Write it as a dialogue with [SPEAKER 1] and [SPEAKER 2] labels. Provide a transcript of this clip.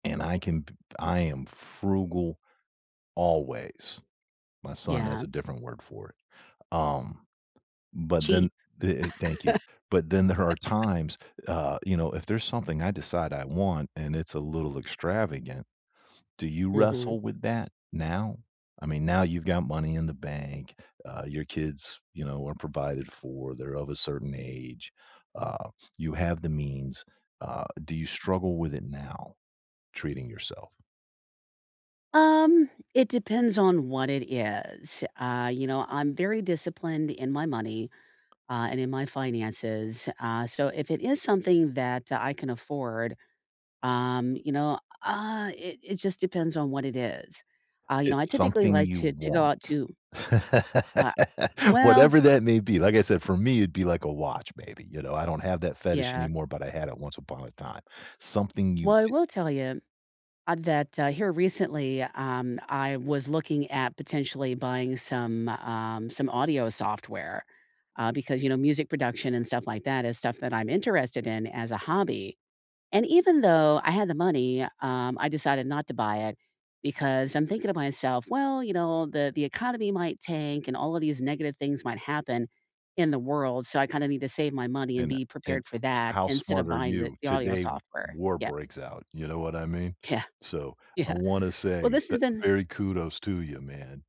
[SPEAKER 1] And I can p p I am frugal always. My son has
[SPEAKER 2] Yeah.
[SPEAKER 1] a different word for it, um, but then
[SPEAKER 2] Cheap.
[SPEAKER 1] the, uh Thank you. But then her are times uh, you know, if there's something I decide I want and it's a little extravagant, do you
[SPEAKER 2] Mhm.
[SPEAKER 1] wrestle with that now? I mean, now you've got money in the bank, uh, your kids, you know, are provided for, they're of a certain age, uh, you have the means, uh, do you struggle with it now? Treating yourself?
[SPEAKER 2] Um, it depends on what it is, uh, you know, I'm very disciplined in my money, uh, and in my finances, uh, so if it is something that I can afford, um, you know, ah, it it just depends on what it is, uh, you know, I
[SPEAKER 1] It's
[SPEAKER 2] typically
[SPEAKER 1] something
[SPEAKER 2] like
[SPEAKER 1] you
[SPEAKER 2] to to go
[SPEAKER 1] want.
[SPEAKER 2] out to Ah Well
[SPEAKER 1] Whatever that may be, like I said, for me, it'd be, like, a watch, maybe, you know, I don't have that fetish
[SPEAKER 2] Yeah.
[SPEAKER 1] anymore, but I had it once upon a time, something you
[SPEAKER 2] Well, I
[SPEAKER 1] i
[SPEAKER 2] will tell you, a that, uh, here recently, um, I was looking at potentially buying some, um, some audio software, uh, because, you know, music production and stuff like that is stuff that I'm interested in as a hobby, and even though I had the money, um, I decided not to buy it because I'm thinking to myself, "Well, you know, the the economy might tank and all of these negative things might happen in the world, so I kinda need to save my money and
[SPEAKER 1] And
[SPEAKER 2] be
[SPEAKER 1] and
[SPEAKER 2] prepared for that
[SPEAKER 1] how
[SPEAKER 2] instead of
[SPEAKER 1] smart are
[SPEAKER 2] buying the
[SPEAKER 1] you?
[SPEAKER 2] the audio
[SPEAKER 1] Today, w
[SPEAKER 2] software"
[SPEAKER 1] war
[SPEAKER 2] Yeah.
[SPEAKER 1] breaks out, you know what I mean?
[SPEAKER 2] Yeah.
[SPEAKER 1] So, I
[SPEAKER 2] Yeah.
[SPEAKER 1] wanna
[SPEAKER 2] Well,
[SPEAKER 1] say
[SPEAKER 2] this has
[SPEAKER 1] that
[SPEAKER 2] been
[SPEAKER 1] very kudos to ya, man.